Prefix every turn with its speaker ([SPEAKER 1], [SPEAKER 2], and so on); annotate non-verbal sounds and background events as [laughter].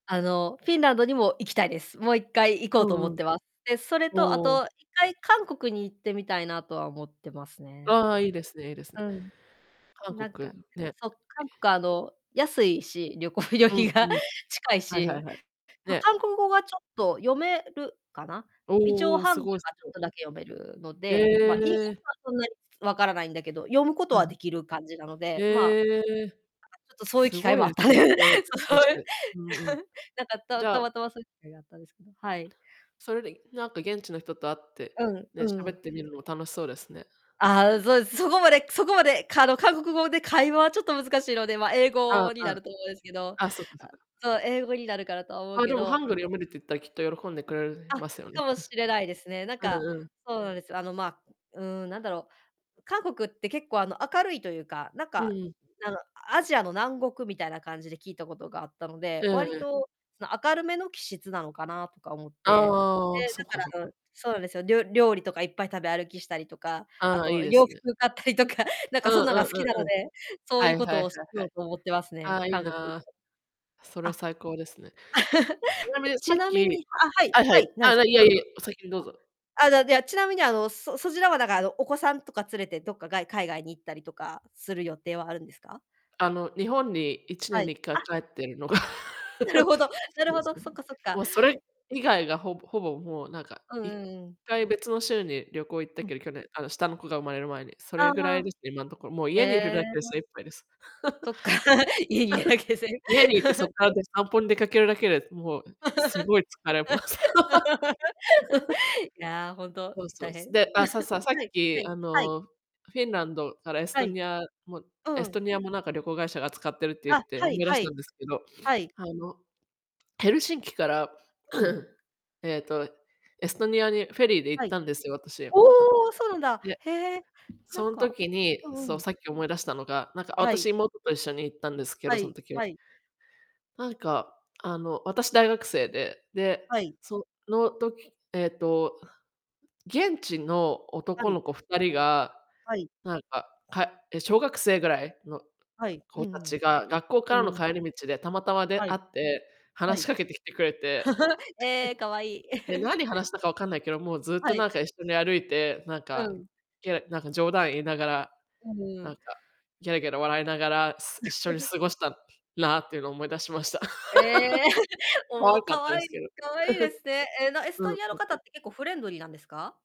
[SPEAKER 1] あの、フィンランドにも行きたいです。もう1回行こ
[SPEAKER 2] う
[SPEAKER 1] うと思
[SPEAKER 2] んう
[SPEAKER 1] っ
[SPEAKER 2] ん。
[SPEAKER 1] てます。で、それ
[SPEAKER 2] お
[SPEAKER 1] と、あと、
[SPEAKER 2] お。
[SPEAKER 1] 1回、韓国に行ってみたいなとは思ってますね。
[SPEAKER 2] ああ、いいですね、いいですね。
[SPEAKER 1] うん。
[SPEAKER 2] 韓
[SPEAKER 1] なんか、ん、
[SPEAKER 2] 国、ね。
[SPEAKER 1] そそう、韓国、あの、安いし、旅行旅
[SPEAKER 2] うん
[SPEAKER 1] 費が。
[SPEAKER 2] うん。
[SPEAKER 1] 近い
[SPEAKER 2] はいはい
[SPEAKER 1] し。
[SPEAKER 2] はい。
[SPEAKER 1] ま、
[SPEAKER 2] ね。
[SPEAKER 1] 韓国語はちょっと読めるかな、
[SPEAKER 2] お
[SPEAKER 1] 一
[SPEAKER 2] お
[SPEAKER 1] 応、
[SPEAKER 2] おお、
[SPEAKER 1] ハン
[SPEAKER 2] す
[SPEAKER 1] グル
[SPEAKER 2] ごいす
[SPEAKER 1] がちょ
[SPEAKER 2] ご
[SPEAKER 1] っ
[SPEAKER 2] い。
[SPEAKER 1] とだけ読めるの
[SPEAKER 2] え
[SPEAKER 1] で、ま、いん
[SPEAKER 2] え。
[SPEAKER 1] [unintelligible] はそんなに分からないんだけど、読むこと
[SPEAKER 2] はい。
[SPEAKER 1] はできる感じなので、まあ、なんか
[SPEAKER 2] ええ。
[SPEAKER 1] ちょっと、そういう
[SPEAKER 2] す
[SPEAKER 1] 機会
[SPEAKER 2] ごい
[SPEAKER 1] もあ
[SPEAKER 2] で
[SPEAKER 1] っ
[SPEAKER 2] す
[SPEAKER 1] た
[SPEAKER 2] ね、いろいろ
[SPEAKER 1] [laughs]
[SPEAKER 2] 勉
[SPEAKER 1] そそ
[SPEAKER 2] 強
[SPEAKER 1] う
[SPEAKER 2] し
[SPEAKER 1] いう
[SPEAKER 2] て。うんうん。
[SPEAKER 1] [laughs] なんか、
[SPEAKER 2] じ
[SPEAKER 1] た
[SPEAKER 2] ゃ
[SPEAKER 1] た
[SPEAKER 2] あ
[SPEAKER 1] またま、そういう機会があったんですね、はい。
[SPEAKER 2] それで、いなんか、現地の人と会って、
[SPEAKER 1] うん、う
[SPEAKER 2] で、
[SPEAKER 1] んう
[SPEAKER 2] 喋っ
[SPEAKER 1] ん。
[SPEAKER 2] てみるのも楽しそうですね。
[SPEAKER 1] ああ、そうです、そこまでそこまで、かあの、韓国語で会話はちょっと難しいので、ま、英
[SPEAKER 2] あん、う
[SPEAKER 1] 語にな
[SPEAKER 2] ん。
[SPEAKER 1] ると思うんですけど。
[SPEAKER 2] あ、そっかそ
[SPEAKER 1] あ、
[SPEAKER 2] っか。
[SPEAKER 1] そう、英語になるかなとは思う
[SPEAKER 2] あ、
[SPEAKER 1] け
[SPEAKER 2] でもハ
[SPEAKER 1] ど
[SPEAKER 2] ングル読めるって言ったら、きっと喜んでくれる
[SPEAKER 1] あ、
[SPEAKER 2] ますよね、
[SPEAKER 1] かもしれないですね。なん
[SPEAKER 2] うん。
[SPEAKER 1] か
[SPEAKER 2] うんうん。
[SPEAKER 1] そうなんです。あの、ま、うーん、なんだろう、韓国って結構、あの、明るいというか、なん
[SPEAKER 2] う
[SPEAKER 1] か、
[SPEAKER 2] んうん。
[SPEAKER 1] あの、あアジアの南国みたいな感じで聞いたことがあったので、
[SPEAKER 2] ええ
[SPEAKER 1] わり
[SPEAKER 2] ええ。
[SPEAKER 1] と、明るめの気質なのかなとか思っ
[SPEAKER 2] あ
[SPEAKER 1] て。
[SPEAKER 2] ああ、
[SPEAKER 1] で、
[SPEAKER 2] そっ
[SPEAKER 1] だ
[SPEAKER 2] かそっ
[SPEAKER 1] から、う
[SPEAKER 2] か。
[SPEAKER 1] ん、そうなんですよ、りょ料理とかいっぱい食べ歩きしたりとか、あ
[SPEAKER 2] ああ、いい
[SPEAKER 1] と
[SPEAKER 2] で
[SPEAKER 1] 洋
[SPEAKER 2] すね。
[SPEAKER 1] 服買ったりとか、なん
[SPEAKER 2] う
[SPEAKER 1] か
[SPEAKER 2] ん
[SPEAKER 1] そんなん
[SPEAKER 2] う
[SPEAKER 1] が
[SPEAKER 2] ん
[SPEAKER 1] 好きな
[SPEAKER 2] うん
[SPEAKER 1] の
[SPEAKER 2] うん。
[SPEAKER 1] で、そう
[SPEAKER 2] は
[SPEAKER 1] ゆ
[SPEAKER 2] い
[SPEAKER 1] う
[SPEAKER 2] はい
[SPEAKER 1] こ
[SPEAKER 2] はい
[SPEAKER 1] とをし
[SPEAKER 2] は
[SPEAKER 1] よ
[SPEAKER 2] い。
[SPEAKER 1] うと思ってますね。
[SPEAKER 2] ああ、いい
[SPEAKER 1] 韓国行っ
[SPEAKER 2] な。
[SPEAKER 1] た
[SPEAKER 2] それは
[SPEAKER 1] ら。あ。
[SPEAKER 2] 最高ですね。ちな
[SPEAKER 1] [laughs]
[SPEAKER 2] み
[SPEAKER 1] じゃ、
[SPEAKER 2] に、さ
[SPEAKER 1] ち
[SPEAKER 2] っ
[SPEAKER 1] なみ
[SPEAKER 2] き
[SPEAKER 1] にあ、はい、
[SPEAKER 2] はいは
[SPEAKER 1] は
[SPEAKER 2] い、
[SPEAKER 1] い、なん
[SPEAKER 2] あ
[SPEAKER 1] で
[SPEAKER 2] あ、
[SPEAKER 1] すか。
[SPEAKER 2] ない
[SPEAKER 1] ど
[SPEAKER 2] え
[SPEAKER 1] うぞ
[SPEAKER 2] い
[SPEAKER 1] どうぞ。
[SPEAKER 2] え、お先にどうぞ。
[SPEAKER 1] あ。あだでは、ちなみに、あの、そそちらは、だか、あの、お子さんとか連れて、どっか、がい海外に行ったりとかする予定はあるんですか？
[SPEAKER 2] あの、日本に、いちね
[SPEAKER 1] は
[SPEAKER 2] ん
[SPEAKER 1] い。
[SPEAKER 2] にいっか
[SPEAKER 1] あ！
[SPEAKER 2] い帰ってるのが
[SPEAKER 1] う、ふん。なるほ
[SPEAKER 2] [laughs] そ
[SPEAKER 1] どなる
[SPEAKER 2] うで
[SPEAKER 1] ほ
[SPEAKER 2] す
[SPEAKER 1] ど、
[SPEAKER 2] ね。
[SPEAKER 1] そっかそっか。
[SPEAKER 2] もう、それ以外が、ほぼほぼ、もう、なんか、
[SPEAKER 1] うん
[SPEAKER 2] いっ
[SPEAKER 1] うんうん。
[SPEAKER 2] かい別の州に旅行、行った
[SPEAKER 1] うん。
[SPEAKER 2] けど、去年、あの、下の子が生まれる前に、そ
[SPEAKER 1] ああ、
[SPEAKER 2] れぐら
[SPEAKER 1] は
[SPEAKER 2] いで
[SPEAKER 1] あ。
[SPEAKER 2] すね、今んとこ。もう、
[SPEAKER 1] へ
[SPEAKER 2] 家にいるだけで
[SPEAKER 1] え。
[SPEAKER 2] 精いっぱいです。
[SPEAKER 1] そっか。[laughs] 家にいるだけで。
[SPEAKER 2] [laughs] 家にいて、そっから、
[SPEAKER 1] [laughs]
[SPEAKER 2] で散歩に出かけるだけで、もうすごい疲れます。[laughs]
[SPEAKER 1] [laughs] いや、ほんと、
[SPEAKER 2] そうそ
[SPEAKER 1] 大
[SPEAKER 2] う、
[SPEAKER 1] 変。
[SPEAKER 2] すで、あ、さささ
[SPEAKER 1] [chuckles]
[SPEAKER 2] っ
[SPEAKER 1] はい、は
[SPEAKER 2] き、
[SPEAKER 1] い、
[SPEAKER 2] あ
[SPEAKER 1] はい。
[SPEAKER 2] の、フィンランドからエス
[SPEAKER 1] は
[SPEAKER 2] ト
[SPEAKER 1] い。
[SPEAKER 2] ニアも
[SPEAKER 1] う
[SPEAKER 2] エ
[SPEAKER 1] んう
[SPEAKER 2] ス
[SPEAKER 1] ん。
[SPEAKER 2] トニアも、なんか旅行会社が扱ってるって言っ
[SPEAKER 1] あ、
[SPEAKER 2] て
[SPEAKER 1] は
[SPEAKER 2] 思
[SPEAKER 1] い
[SPEAKER 2] い出し
[SPEAKER 1] は
[SPEAKER 2] た
[SPEAKER 1] い。
[SPEAKER 2] んですけど、[sniffs]
[SPEAKER 1] はい。
[SPEAKER 2] あの、ヘルシンキから、
[SPEAKER 1] うん。
[SPEAKER 2] [clears throat] えっと、エストニアにフェリーで行
[SPEAKER 1] は
[SPEAKER 2] った
[SPEAKER 1] い。
[SPEAKER 2] んですよ、私。
[SPEAKER 1] お
[SPEAKER 2] あ、
[SPEAKER 1] お！そうなんだ、
[SPEAKER 2] で、
[SPEAKER 1] へえ、な
[SPEAKER 2] そ
[SPEAKER 1] ん
[SPEAKER 2] ん
[SPEAKER 1] か
[SPEAKER 2] 時に、
[SPEAKER 1] うん
[SPEAKER 2] そ
[SPEAKER 1] う
[SPEAKER 2] う、
[SPEAKER 1] ん。
[SPEAKER 2] さっき思い出したのが、なんかあ、
[SPEAKER 1] は
[SPEAKER 2] 私、
[SPEAKER 1] い。
[SPEAKER 2] 妹と一緒に行ったんですけ
[SPEAKER 1] は
[SPEAKER 2] ど、そん
[SPEAKER 1] い。
[SPEAKER 2] 時は。
[SPEAKER 1] はい。
[SPEAKER 2] なんか、あの、私、大学生で、で、
[SPEAKER 1] はい。
[SPEAKER 2] その時、えっと、現地の
[SPEAKER 1] は
[SPEAKER 2] 男
[SPEAKER 1] い。
[SPEAKER 2] の子2人が、
[SPEAKER 1] はい。
[SPEAKER 2] なんか、かえ、小学生ぐらいの
[SPEAKER 1] はい。うん
[SPEAKER 2] 子
[SPEAKER 1] うん。
[SPEAKER 2] 達が、学校か
[SPEAKER 1] う
[SPEAKER 2] らの
[SPEAKER 1] んうん。
[SPEAKER 2] 帰り道でたまたま出
[SPEAKER 1] は
[SPEAKER 2] 会
[SPEAKER 1] い。
[SPEAKER 2] って、
[SPEAKER 1] は
[SPEAKER 2] 話し
[SPEAKER 1] い。
[SPEAKER 2] かけてきてくれて
[SPEAKER 1] [chuckles] ええ、可愛い。
[SPEAKER 2] で、なに話
[SPEAKER 1] [chuckles]
[SPEAKER 2] したかわかんないけど、もう、ずっと、
[SPEAKER 1] はい。
[SPEAKER 2] なんか一緒に歩いて、なん
[SPEAKER 1] う
[SPEAKER 2] か、
[SPEAKER 1] ん。
[SPEAKER 2] ケラなんか冗談言いながら、
[SPEAKER 1] うむ、
[SPEAKER 2] な
[SPEAKER 1] う。
[SPEAKER 2] んか、ゲラゲラ笑いながら、す一緒に
[SPEAKER 1] [chuckles]
[SPEAKER 2] 過ごしたなっていうの、思い出しました。
[SPEAKER 1] ええ。
[SPEAKER 2] [laughs]
[SPEAKER 1] [laughs]
[SPEAKER 2] 可
[SPEAKER 1] おお、
[SPEAKER 2] 愛かっ
[SPEAKER 1] 可
[SPEAKER 2] たで
[SPEAKER 1] 愛
[SPEAKER 2] す
[SPEAKER 1] い。
[SPEAKER 2] けど。
[SPEAKER 1] 可愛いですね。ええ、なエ
[SPEAKER 2] [chuckles]
[SPEAKER 1] ス
[SPEAKER 2] う
[SPEAKER 1] ト
[SPEAKER 2] ん
[SPEAKER 1] ニアの
[SPEAKER 2] うん。
[SPEAKER 1] 方って結構フレンドリーなんですか？